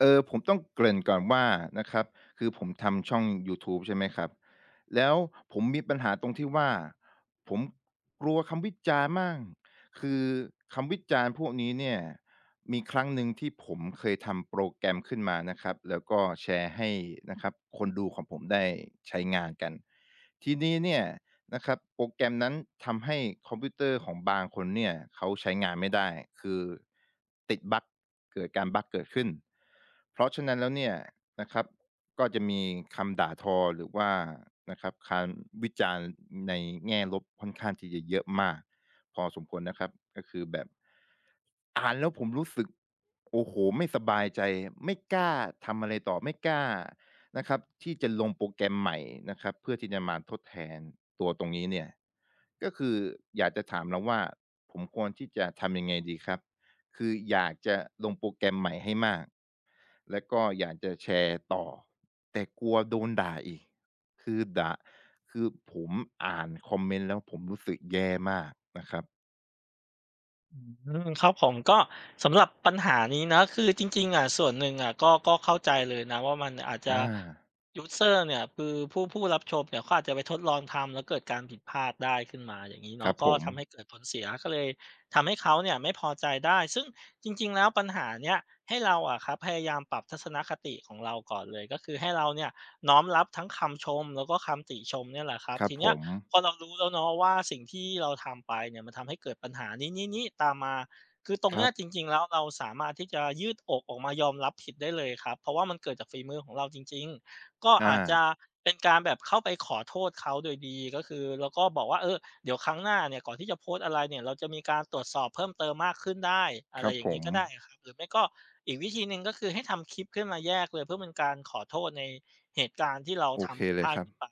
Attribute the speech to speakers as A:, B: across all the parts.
A: เออ ผมต้องเกริ่นก่อนว่า นะครับ คือผมทำช่องยูทูบ ใช่ไหมครับ แล้วผมมีปัญหาตรงที่ว่า ผมกลัวคำวิจารณ์มาก คือคำวิจารณ์พวกนี้เนี่ย มีครั้งหนึ่งที่ผมเคยทำโปรแกรมขึ้นมานะครับ แล้วก็แชร์ให้ นะครับ คนดูของผมได้ใช้งานกัน ทีนี้เนี่ย นะครับ โปรแกรมนั้นทำให้คอมพิวเตอร์ของบางคนเนี่ย เขาใช้งานไม่ได้ คือติดบัก เกิดกาบักเกิดขึ้น เพราะฉะนั้นแล้วเนี่ยนะครับ ก็จะมีคำด่าทอหรือว่านะครับ คำวิจารณ์ในแง่ลบค่อนข้างที่จะเยอะมากพอสมควรนะครับ ก็คือแบบ อ่านแล้วผมรู้สึก โอ้โฮ ไม่สบายใจ ไม่กล้าทำอะไรต่อ ไม่กล้า นะครับที่จะลงโปรแกรมใหม่นะครับ เพื่อที่จะมาทดแทนตัวตรงนี้เนี่ย ก็คืออยากจะถามเราว่า ผมควรที่จะทำยังไงดีครับ? คืออยากจะลงโปรแกรมใหม่ให้มาก แล้วก็อยากจะแชร์ต่อ แต่กลัวโดนด่าอีก คือด่า คือผมอ่านคอมเมนต์แล้ว ผมรู้สึกแย่มากนะครับ
B: อืม ครับผม ก็สำหรับปัญหานี้เนาะ คือจริง ๆ อะ ส่วนหนึ่งอะ ก็ ก็เข้าใจเลยนะว่า มันอาจจ
A: อ
B: ะ
A: า
B: ยูสเซอร์ เนี่ย คือผู้ ผู้รับชมเนี่ย เขาอาจจะไปทดลองทำ แล้วเกิดการผิดพลาดได้ขึ้นมาอย่างงี้เน
A: ค
B: า
A: ร
B: ะ
A: ับ
B: ก
A: ผ
B: ็ทำให้
A: ม
B: เกิดผลเสีย ก็เลยทำให้เขาเนี่ยไม่พอใจได้ ซึ่งจริง ๆ แล้วปัญหาเนี้ย ให้เราอะครับ พยายามปรับทัศนคติของเราก่อนเลย ก็คือให้เราเนี่ยน้อมรับทั้งคำชม แล้วก็คำติชมเนี่ยแหละครับ
A: ครั
B: ท
A: บ
B: ีเน
A: ผ
B: ี้ย
A: ม
B: พอเรารู้แล้วเนาะว่า สิ่งที่เราทำไปเนี่ย มันทำให้เกิดปัญหานี้ ๆ ๆ ตามมา คือตรง
A: ค
B: เน
A: ร
B: ี
A: ั
B: ้
A: บ
B: ยจริง ๆ แล้ว เราสามารถที่จะยืดอกออกมายอมรับผิดได้เลยครับ เพราะว่ามันเกิดจากฝีมือของเราจริง ๆ ก็
A: อ
B: อาจจ
A: า
B: ะเป็น การแบบเข้าไปขอโทษเขาโดยดี ก็คือแล้วก็บอกว่า เออ เดี๋ยวครั้งหน้าเนี่ย ก่อนที่จะโพสต์อะไรเนี่ย เรา จะมีการตรวจสอบเพิ่มเติมมากขึ้นได้ อะ
A: ค
B: ไ
A: ร
B: ร
A: ับ
B: อย่
A: ผ
B: างงี้
A: ม
B: ก็ได้ครับ หรือไม่ก็อีกวิธีหนึ่ง ก็คือให้ทำคลิปขึ้นมาแยกเลย เพื่อเป็นการขอโทษในเหตุการณ์ที่เรา
A: โอ
B: ท
A: เค
B: ำผิด
A: เล
B: พ
A: ย
B: ลาด
A: ครั
B: นี้
A: บ
B: ไป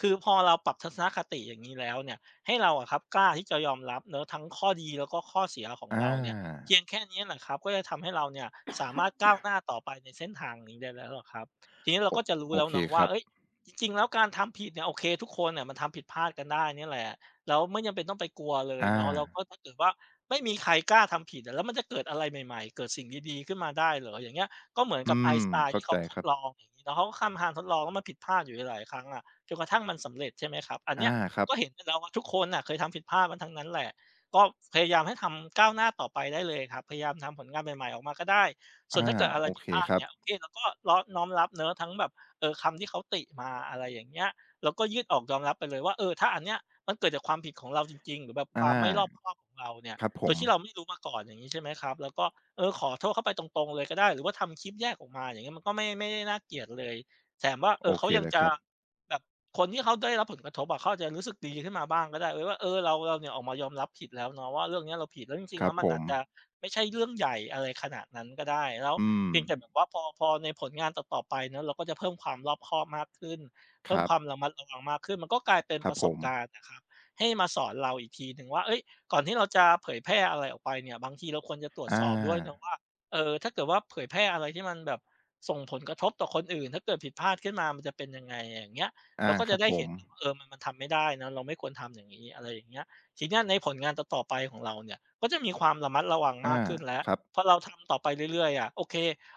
B: คือพอเราปรับทัศนคติ อย่างนี้แล้วเนี่ย ให้เราอะครับกล้าที่จะยอมรับเนาะ ทั้งข้อดีแล้วก็ข้อเสียของ
A: อ
B: เราเนี่ย เพ
A: า
B: ียงแค่นี้แหละครับ ก็จะทำให้เรา เนี่ยสามารถก้าวหน้าต่อไปในเส้นทางนี้ได้แล้วครับ ทีนี้เรา
A: โอ
B: ก็จะรู้
A: โอ
B: แล้ว
A: เค
B: เนาะว
A: ค
B: ่
A: ร
B: า
A: ับ
B: เฮ้ย จริง ๆ แล้วการทำผิดเนี่ย โอเค ทุกคนน่ะมันทำผิดพลาดกันได้เนี่ยแหละ แล้วไม่จำเป็นต้องไปกลัวเล
A: อ
B: ยเนาะ แล้ว
A: า
B: ก็ถ้าเกิดว่าไม่มีใครกล้าทำผิดอะ แล้วมันจะเกิดอะไรใหม่ ๆ เกิดสิ่งดี ๆ ขึ้นมาได้เหรอ อย่างเงี้ย ก็เหมือน
A: อื
B: กับ
A: ม
B: Einstein
A: เข้
B: ที
A: า
B: ่เข
A: ใ
B: า
A: จ
B: ท
A: ค
B: ด
A: รับ
B: ลองอย่างงี้เนาะ เขาก็ทำการ ทดลอง แล้วมันผิดพลาดอยู่หลาย ๆ ครั้งอะ จนกระทั่งมันสำเร็จ ใช่ไหม ครับ อัน
A: อา
B: เนี้ย
A: ครั
B: ก
A: บ
B: ็เห็นแล้วว่า ทุกคนน่ะเคยทำผิดพลาดมาทั้งนั้นแหละ ก็พยายามให้ทำ ก้าวหน้าต่อไปได้เลยครับ พยายามทำผลงานใหม่ ๆ ออกมาก็ได้ ส
A: อ
B: ่
A: า
B: วนถ้าเกิดอะไร
A: โอ
B: ผิ
A: เ
B: ด
A: ค
B: พลาด
A: ครั
B: เ
A: บ
B: นี่ย โอเค เราก็ล้อ น้อมรับ เนาะ ทั้งแบบ เอ่อ คำที่เขาติมา อะไรอย่างเงี้ย แล้วก็ยืดอกยอมรับไปเลยว่า เออ ถ้าอันเนี้ยมันเกิดจากความผิดของเราจริง ๆ หรือแบบ
A: อ
B: ค
A: า
B: วามไม่รอบคอบของเราเนี่ย
A: ครับผ
B: โดยที่เ
A: ม
B: ราไม่รู้มาก่อนอย่างนี้ ใช่ไหมครับ แล้วก็ เออ ขอโทษเข้าไปตรง ๆ เลยก็ได้ หรือว่าทำคลิปแยกออกมา อย่างนี้มันก็ไม่ ไม่ได้น่าเกลียดเลย แถมว่า เอ
A: โอ
B: อ เข
A: เค
B: ายั
A: เ
B: ง
A: ลย
B: จ
A: ค
B: ะ
A: รับ
B: แบบคนที่เขาได้รับผลกระทบอะ เขาอาจจะรู้สึกดีขึ้นมาบ้างก็ได้ เออ ว่า เออ เรา เรา เนี่ยออกมายอมรับผิดแล้วเนาะว่าเรื่องนี้เราผิด แล้วจริ
A: ค
B: ง ๆ
A: ร
B: แ
A: ั
B: ล
A: บ
B: ้ว ม
A: ผ
B: ันอาจจะ
A: ม
B: ไม่ใช่เรื่องใหญ่อะไรขนาดนั้นก็ได้ แล้ว
A: อื
B: เพียงแต่แบ
A: ม
B: บว่าพอ พอในผลงานต่อ ๆ ไปเนาะ เราก็จะเพิ่มความรอบคอบมากขึ้น เพ
A: ค
B: ิ่
A: ร
B: ม
A: ั
B: ค
A: บ
B: วามระมัดระวังมากขึ้น มันก็กลายเป็น
A: คร
B: ป
A: ั
B: ร
A: บ
B: ะส
A: ผ
B: บก
A: ม
B: ารณ์น่ะครับ ให้มาสอนเราอีกทีหนึ่งว่า เฮ้ย ก่อนที่เราจะเผยแพร่อะไรออกไปเนี่ย บางทีเราควรจะตรวจ
A: อ
B: ส
A: า
B: อบด้วยนะว่า เออ ถ้าเกิดว่าเผยแพร่อะไรที่มันแบบส่งผลกระทบต่อคนอื่น ถ้าเกิดผิดพลาด ขึ้นมามันจะเป็นยังไง อย่างเงี้ย
A: อ
B: เ
A: า
B: ราก็
A: ค
B: จ
A: ร
B: ะ
A: ับ
B: ได้
A: ผ
B: เห็นถึง
A: ม
B: ว่า เออ มัน มันทำไม่ได้นะ เราไม่ควรทำอย่างงี้ อะไรอย่างเงี้ย ทีเนี้ยในผลงานต่อ ๆ ไปของเราเนี่ย ก็จะมีความระมัดระวัง
A: อ
B: ม
A: า
B: าก ขึ้นแล้ว
A: ครับ
B: พอเราทำต่อไปเรื่อย ๆ อะ โอเค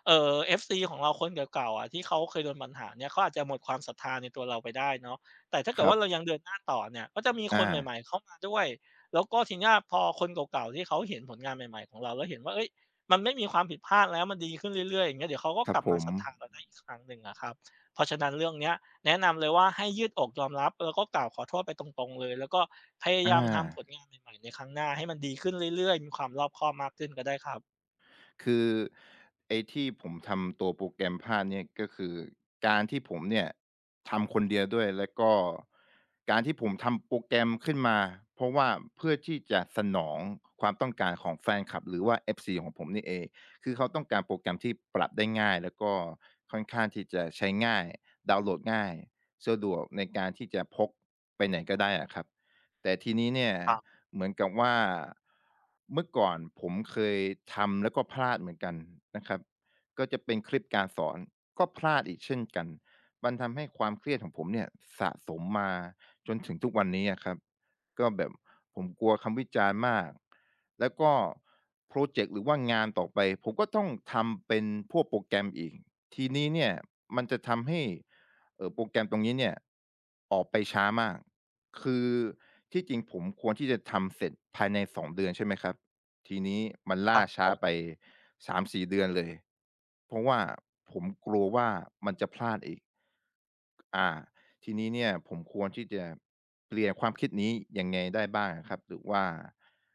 B: เอ่อ FC ของเราคนเก่า ๆ อะ ที่เขาเคยโดนปัญหาเนี้ย เขาอาจจะหมดความศรัทธาในตัวเราไปได้เนาะ แต่ถ้าเก
A: ค
B: ิด
A: ร
B: ว
A: ั
B: ่
A: บ
B: าเรายังเดินหน้าต่อเนี่ย ก็จะมี
A: อ
B: คนใ
A: า
B: หม่ ๆ เข้ามาด้วย แล้วก็ทีเนี้ยพอคนเก่า ๆ ที่เขาเห็นผลงานใหม่ ๆ ของเราแล้วเห็นว่า เฮ้ย มันไม่มีความผิดพลาดแล้ว มันดี ขึ้นเรื่อย ๆ อย่างเงี้ย เดี๋ยวเขาก็
A: คร
B: ก
A: ับ
B: ลับ
A: ผ
B: มาศรัทธา
A: ม
B: เราได้อีกครั้งหนึ่งอะครับ เพราะฉะนั้นเรื่องเนี้ย แนะนำเลยว่าให้ยืดอกยอมรับ แล้วก็กล่าวขอโทษไปตรง ๆ เลย แล้วก็พยา
A: อ
B: ยามทำผ
A: า
B: ลงานใหม่ ๆ ในครั้งหน้าให้มันดี ขึ้นเรื่อย ๆ มีความรอบคอบมากขึ้นก็ได้ครับ
A: คือไอ้ที่ผมทำตัวโปรแกรมภาพเนี่ย ก็คือการที่ผมเนี่ยทำ คนเดียวด้วย แล้วก็การที่ผมทำโปรแกรมขึ้นมา เพราะว่าเพื่อที่จะสนองความต้องการของแฟนคลับ หรือว่า FC ของผมนี่เอง คือเขาต้องการโปรแกรมที่ปรับได้ง่าย แล้วก็ค่อนข้างที่จะใช้ง่าย ดาวน์โหลดง่าย สะดวกในการที่จะพกไปไหนก็ได้อะครับ แต่ทีนี้เนี่ย
B: ครับ
A: เหมือนกับว่า เมื่อก่อนผมเคยทำแล้วก็พลาดเหมือนกันนะครับ ก็จะเป็นคลิปการสอน ก็พลาดอีกเช่นกัน มันทำให้ความเครียดของผมเนี่ย สะสมมาจนถึง ทุกวันนี้อะครับ ก็แบบผมกลัวคำวิจารณ์มาก แล้วก็พรอเจ็กต์ หรือว่างานต่อไป ผมก็ต้องทำเป็นพวกโปรแกรมอีก ทีนี้เนี่ยมันจะทำให้ เอ่อ โปรแกรมตรงนี้เนี่ยออกไปช้ามาก คือที่จริงผมควรที่จะทำเสร็จภายใน 2 เดือน ใช่ไหมครับ ทีนี้มันล
B: คร
A: ่า
B: ับ
A: ช
B: ผ
A: ้าไป
B: ม
A: 3-4 เดือนเลย เพราะว่าผมกลัวว่า มันจะพลาดอีก อา ทีนี้เนี่ย ผมควรที่จะเปลี่ยนความคิดนี้ยังไงได้บ้างอะครับ? หรือว่า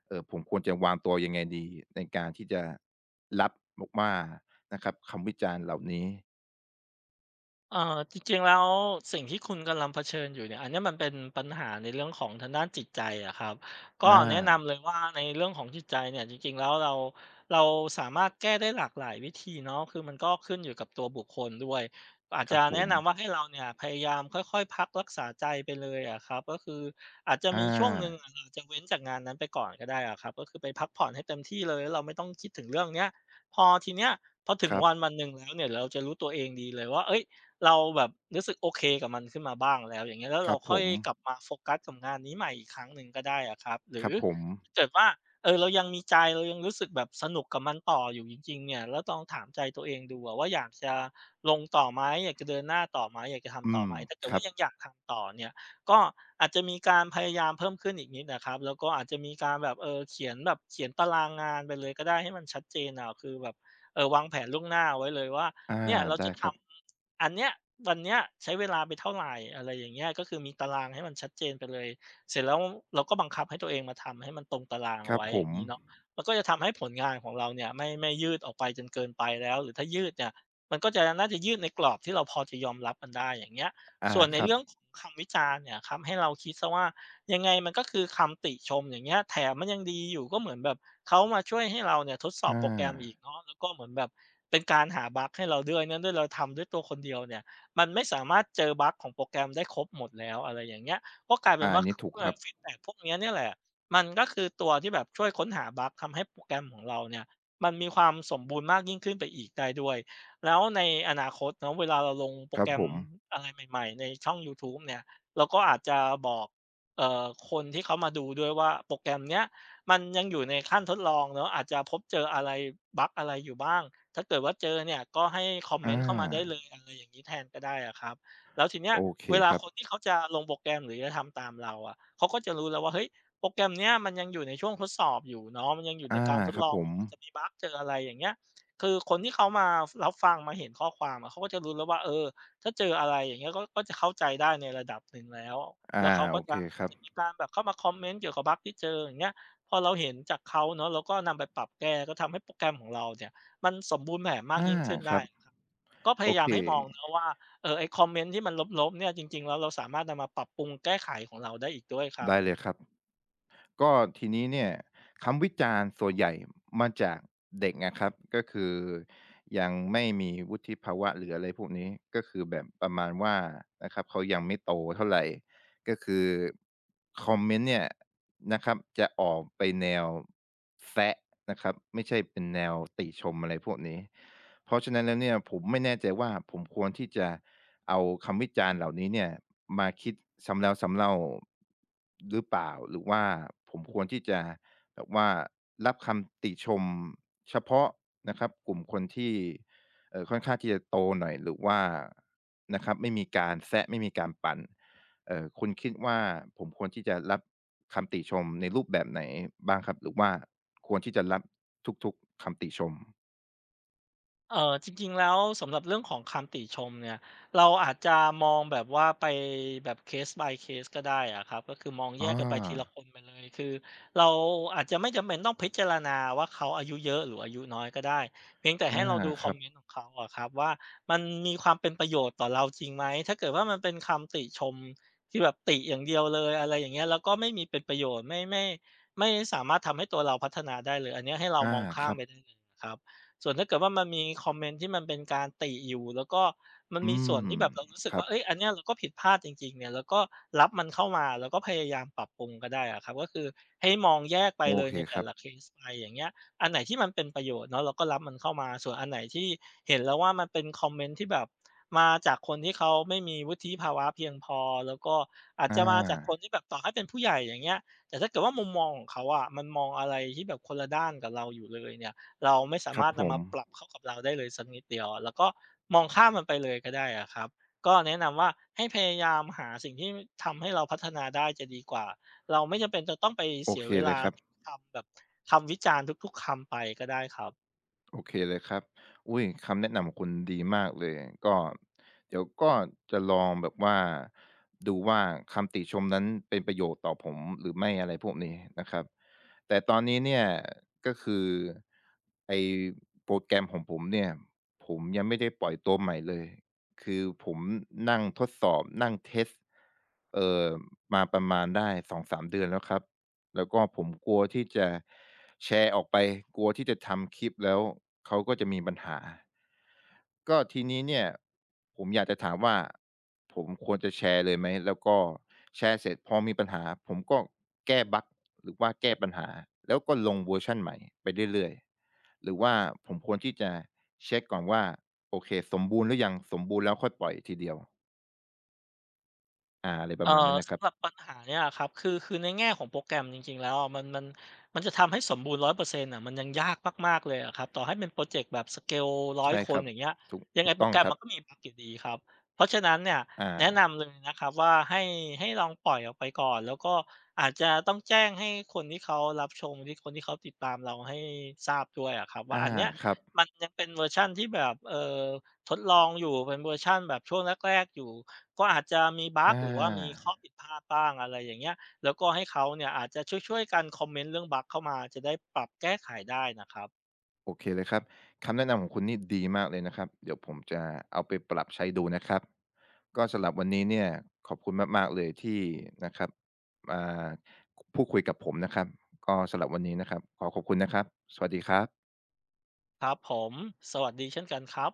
A: เอ่อ ผมควรจะวางตัวยังไงดี ในการที่จะรับ ม ว่า นะครับ คำวิจารณ์เหล่านี้?
B: เอ่อ จริง ๆ แล้วสิ่งที่คุณกำลังเผชิญอยู่เนี่ย อันเนี้ยมันเป็นปัญหาในเรื่องของทางด้านจิตใจอะครับ ก
A: อ
B: ็แนะน
A: า
B: ำเลยว่า ในเรื่องของจิตใจเนี่ย จริง ๆ แล้วเรา เราสามารถแก้ได้หลากหลายวิธีเนาะ คือมันก็ขึ้นอยู่กับตัวบุคคลด้วย อาจ
A: ค
B: จ
A: รั
B: ะ
A: บผ
B: แนะน
A: ม
B: ำว่า ให้เราเนี่ยพยายามค่อย ๆ พักรักษาใจไปเลยอะครับ ก็คืออาจจะ
A: อ
B: มีช่วงหนึ่ง
A: า
B: เราจะเว้นจากงานนั้นไปก่อนก็ได้อะครับ ก็คือไปพักผ่อนให้เต็มที่เลย แล้วเราไม่ต้องคิดถึง เรื่องเนี้ย พอทีเนี้ย พอถึ
A: ค
B: ง
A: รับ
B: วัน วันหนึ่งแล้วเนี่ย เราจะ รู้ตัวเองดีเลยว่า เอ๊ย เราแบบรู้สึกโอเคกับมันขึ้นมาบ้างแล้ว อย่างเงี้ย แล้ว
A: ค
B: เ
A: ร
B: ร
A: ั
B: า
A: บ
B: ค
A: ผ
B: ่อย
A: ม
B: กลับมาโฟกัสกับงานนี้ใหม่อีกครั้งหนึ่งก็ได้อะครับ หร
A: ค
B: ื
A: ร
B: อ
A: ับผม
B: ถ้าเกิดว่า เอ่อ เรายังมีใจ เรายังรู้สึกแบบสนุกกับมันต่ออยู่จริง ๆ เนี่ย แล้วลองถามใจตัวเองดูอะว่า อยากจะลง ต่อไหม อยากจะเดินหน้าต่อไหม อยากจะท
A: อื
B: ำต่อ
A: ม
B: ไหม ถ้าเกิ
A: ค
B: ดว
A: รั
B: ่า
A: บ
B: ยังอยากทำต่อเนี่ย ก็อาจจะมีการ พยายามเพิ่มขึ้นอีกนิดนะครับ แล้วก็อาจจะมีการแบบ เอ่อ เขียนแบบ เขียนตารางงานไปเลย ก็ได้ ให้มันชัดเจนอะ คือแบบ เอ่อ วางแผนล่วงหน้าเอาไว้เลยว่า
A: อา
B: เนี่ยเรา
A: ได้
B: จะท
A: ครับ
B: ำอัน เนี้ย วันเนี่ยใช้เวลาไปเท่าไร อะไรอย่างเงี้ย ก็คือมีตารางให้มันชัดเจนไปเลย เสร็จแล้วเราก็บังคับให้ตัวเองมาทำให้มันตรงตารางเ
A: ค
B: อ
A: ร
B: า
A: ั
B: ไ
A: บ
B: ว้
A: ผ
B: อย่า
A: ม
B: งงี้เนาะ มันก็จะทำให้ผลงาน ของเราเนี่ย ไม่ ไม่ยืดออกไปจนเกินไปแล้ว หรือถ้ายืดเนี่ย มันก็จะน่าจะยืดในกรอบที่เราพอจะยอมรับมัน ได้อย่างเงี้ย
A: อา
B: ส่วนใน
A: ครั
B: เร
A: บ
B: ื่องของคำวิจารณ์เนี่ยครับ ให้เราคิดเสียว่า ยังไงมันก็คือคำติชมอย่างเงี้ย แถมมันยังดีอยู่ ก็เหมือนแบบเขามาช่วยให้เราเนี่ย ทดสอ
A: อ
B: บโปรแกรมอี
A: า
B: กเนาะ แล้วก็เหมือนแบบเป็นการหาบักให้เราด้วย นั่นด้วยเราทำด้วยตัวคนเดียวเนี่ย มันไม่ สามารถเจอบักของโปรแกรมได้ครบหมดแล้ว อะไรอย่างเงี้ย ก็ กลายเป
A: อ
B: ็
A: า
B: นว
A: อ
B: ่
A: ั
B: า
A: นนี้ถูกครับ
B: [unintelligible] ฟีดแบ็กพวกเนี้ยเนี่ยแหละ มันก็คือตัวที่แบบช่วยค้นหาบัก ทำให้โปรแกรมของเราเนี่ย มันมีความสมบูรณ์มากยิ่งขึ้นไปอีกได้ด้วย แล้วในอนาคตเนาะ เวลาเราลงโป
A: ค
B: ร
A: รั
B: แก
A: บ
B: ร
A: ผ
B: ม
A: ม
B: อะไรใหม่ ๆ ในช่องยูทูบเนี่ย เราก็อาจจะบอก เอ่อ คนที่ เขามาดูด้วยว่า โปรแกรมเนี้ยมันยังอยู่ในขั้นทดลองเนาะ อาจจะพบ เจออะไร บัก อะไรอยู่บ้าง ถ้าเกิดว่าเจอเนี่ย ก็ให้คอมเม
A: อ
B: นต์เข้ามาได้เล
A: า
B: ย อะไรอย่างงี้แทนก็ได้อะครับ แล้วทีเนี้
A: โ
B: ย
A: อเค
B: เวลา
A: ครั
B: ค
A: บ
B: นที่เขาจะลงโปรแกรม หรือจะทำตามเราอะ เขาก็จะรู้แล้วว่า เฮ้ย โปรแกรม เนี้ยมันยังอยู่ในช่วงทดสอบอยู่เนาะ มันยังอยู่
A: อ
B: ใ
A: า
B: นการทด
A: ครั
B: ล
A: บ
B: อง
A: ผ
B: อย
A: ม
B: ู่ มันจะมีบักเจอ อะไรอย่างเงี้ย คือคนที่เขามารับฟัง มาเห็นข้อความอะ เขาก็จะรู้แล้วว่า เอ่อ ถ้าเจอ อะไรอย่างเงี้ย ก็ ก็เข้าใจได้ ในระดับหนึ่งแล้ว
A: อา
B: แล้วเขาก
A: โ
B: ็
A: อเค
B: อาจ
A: ครับ
B: จะมีการแบบเข้ามาคอมเมนต์เกี่ยวกับบักที่เจออย่างเงี้ย พอ เราเห็นจากเขาเนาะ เราก็นำไปปรับแก้ ก็ทำให้โปรแกรมของ เราเนี่ย มันสมบูรณ์แบบมา
A: อ
B: ก
A: า
B: ยิ่งขึ้น
A: ค
B: ได
A: ร
B: ้
A: ับ
B: ครับ ก็พ
A: โอ
B: ยาย
A: เ
B: า
A: ค
B: มให้มองเนาะว่า เอ่อ ไอ้คอมเมนต์ที่มันลบ ๆ เนี่ย จริง ๆ แล้วเราสามารถนำมาปรับปรุงแก้ไขของเราได้อีกด้วยครั
A: ได
B: บ
A: ้เลยครับ ก็ทีนี้เนี่ย คำวิจารณ์ส่วนใหญ่มาจากเด็ก นะครับ ก็คือยังไม่มีวุฒิภาวะหรือ อะไรพวกนี้ ก็คือแบบประมาณว่านะครับ เขายังไม่โตเท่าไร ก็คือคอมเมนต์เนี่ยนะครับ จะออกไปแนวแซะนะครับ ไม่ใช่เป็นแนวติชมอะไรพวกนี้ เพราะฉะนั้นแล้วเนี่ย ผมไม่แน่ใจว่าผมควรที่จะเอาคำวิจารณ์เหล่านี้เนี่ย มาคิดซ้ำแล้วซ้ำเล่าหรือเปล่า หรือว่าผมควรที่จะแบบว่ารับคำติชมเฉพาะนะครับ กลุ่มคนที่ เอ่อ ค่อนข้างที่จะโตหน่อย หรือว่านะครับ ไม่มีการแซะ ไม่มีการปั่น เอ่อ คุณคิดว่า ผมควรที่จะรับคำติชมในรูปแบบไหนบ้างครับ? หรือว่า ควรที่จะรับทุก ๆ คำติชม?
B: เอ่อ จริง ๆ แล้วสำหรับเรื่องของคำติชมเนี่ย เราอาจจะมองแบบว่าไปแบบ case by case ก็ได้อะครับ ก็คือมองแย
A: อ
B: กกันไปทีละ
A: า
B: คนไปเลย คือเราอาจจะไม่จำเป็นต้องพิจารณาว่า เขาอายุเยอะหรืออายุน้อยก็ได้ เพียงแต่
A: อ
B: ให
A: า
B: ้เราดู
A: ค
B: ค
A: ร
B: อม
A: ับ
B: เมนต์ของเขาอะครับว่า มันมีความเป็นประโยชน์ต่อเราจริงไหม ถ้าเกิดว่ามันเป็นคำติชมที่แบบติอย่างเดียวเลย อะไรอย่างเงี้ย แล้วก็ไม่มีเป็นประโยชน์ ไม่ ไม่ ไม่สามารถทำให้ตัวเราพัฒนาได้เลย อันเนี้ยให้เรา
A: อา
B: มองข้
A: ค
B: า
A: ร
B: ม
A: ั
B: ไ
A: บ
B: ปได้เลยนะครับ ส่วนถ้าเกิดว่ามันมีคอมเมนต์ที่มันเป็นการติอยู่ แล้วก็มัน
A: อื
B: มีส่
A: ม
B: วนที่แบบเรารู้สึ
A: ค
B: ก
A: รั
B: ว่
A: บ
B: า เฮ้ย อันเนี้ยเราก็ผิดพลาดจริง ๆ เนี่ย เราก็รับมันเข้ามาแล้วก็พยายามปรับปรุงก็ได้อะครับ ก็คือให้มองแยกไป
A: โอ
B: เลย
A: เค
B: ในแต
A: ค
B: ่
A: รั
B: ล
A: บ
B: ะเคสไป อย่างเงี้ย อันไหนที่มันเป็นประโยชน์เนาะ เราก็รับมันเข้ามา ส่วนอันไหนที่เห็นแล้วว่า มันเป็นคอมเมนต์ที่แบบมาจากคนที่เขาไม่มีวุฒิภาวะเพียงพอ แล้วก็อาจ
A: อ
B: จะมาจากค
A: า
B: นที่แบบต่อให้เป็นผู้ใหญ่ อย่างเงี้ย แต่ถ้าเกิดว่ามุมมองของเขาอะ มันมองอะไรที่แบบคนละด้านกับเราอยู่เลยเนี่ย เราไม่สา
A: คร
B: ม
A: ับ
B: ารถน
A: ผ
B: ำม
A: ม
B: าปรับเข้ากับเราได้เลยสักนิดเดียวอะ เราก็มองข้ามมันไป เลยก็ได้อะครับ ก็แนะนำว่า ให้พยายามหาสิ่งที่ทำให้เราพัฒนาได้จะดีกว่า เราไม่จำเป็นจะต้องไป
A: โอ
B: เสี
A: เ
B: ย
A: ค
B: เว
A: เล
B: ลา
A: ยครับ
B: คำแบบ คำวิจารณ์ทุก ๆ คำไปก็ได้ครับ
A: โอเคเลยครับ อุ๊ย คำแนะนำของคุณดีมากเลย ก็ เดี๋ยวก็จะลองแบบว่า ดูว่าคำติชมนั้นเป็นประโยชน์ต่อผมหรือไม่ อะไรพวกนี้นะครับ แต่ตอนนี้เนี่ย ก็คือไอ้โปรแกรมของผมเนี่ย ผมยังไม่ได้ปล่อยตัวใหม่เลย คือผมนั่งทดสอบ นั่งเทสต์ เอ่อ มาประมาณได้ 2-3 เดือนแล้วครับ แล้วก็ผมกลัว ที่จะแชร์ออกไป กลัวที่จะทำคลิป แล้วเขาก็จะมีปัญหา ก็ทีนี้เนี่ยผมอยากจะถามว่า ผมควรจะแชร์เลยไหม? แล้วก็ แชร์เสร็จพอมีปัญหาผมก็แก้บัก หรือว่าแก้ปัญหา แล้วก็ลงเวอร์ชันใหม่ไปเรื่อย ๆ หรือว่าผมควรที่จะเช็กก่อนว่า โอเค สมบูรณ์หรือยัง สมบูรณ์แล้วค่อยปล่อยทีเดียว? อ่า อะไรป
B: เ
A: ร
B: อ่
A: ะ
B: อ
A: มาณนั้นน่ะค
B: ส
A: รับ
B: ำหรับปัญหาเนี่ยอะครับ คือ คือใน แง่ของโปรแกรมจริง ๆ แล้วอะ มัน มัน มันจะทำให้สมบูรณ์ 100% อะ มันยังยากมาก ๆ เลยอะครับ ต่อให้เป็นพรอเจกต์แบบ สเกล ร้
A: ใ
B: อ
A: ช่
B: ย ค
A: คร
B: น
A: ับ
B: อย่างเงี้ย
A: ถูก
B: ยั
A: ถ
B: ง
A: ู
B: ไง
A: ก
B: โป
A: ต้
B: ร
A: อง
B: แกร
A: ค
B: ม
A: รั
B: มั
A: บ
B: นก็มีบักอยู่ดีครับ เพราะฉะนั้นเนี่ย
A: อ
B: แนะน
A: า
B: ำหนึ่งนะครับ ว่า ให้ ให้ลองปล่อยออกไปก่อน แล้วก็อาจจะ ต้องแจ้งให้คนที่เขารับชง ที่ คนที่เขาติดตามเราให้ทราบด้วยอะครับว
A: อ
B: ่า
A: า
B: อันเนี้ย
A: ครับ
B: มันยังเป็นเวอร์ชันที่แบบ เอ่อ ทดลองอยู่ เป็นเวอร์ชันแบบช่วงแรก ๆ อยู่ ก็ อาจจะมีบ
A: อ
B: ัก
A: า
B: หรือว่ามีข้อผิดพลาดบ้าง อะไรอย่างเงี้ย แล้วก็ให้เขาเนี่ยอาจจะช่วย ๆ กันคอมเมนต์ เรื่องบักเข้ามา จะได้ปรับแก้ไขได้น่ะครับ
A: โอเคเลยครับ คำแนะนำของคุณนี่ ดีมากเลยนะครับ เดี๋ยวผมจะเอาไปปรับใช้ ดูนะครับ ก็สำหรับวันนี้เนี่ย ขอบคุณมาก ๆ เลย ที่นะครับ อ่า ค พูดคุยกับผมนะครับ ก็สำหรับวันนี้นะครับ ขอขอบคุณ นะครับ สวัสดีครับ
B: ครับผม สวัสดีเช่นกันครับ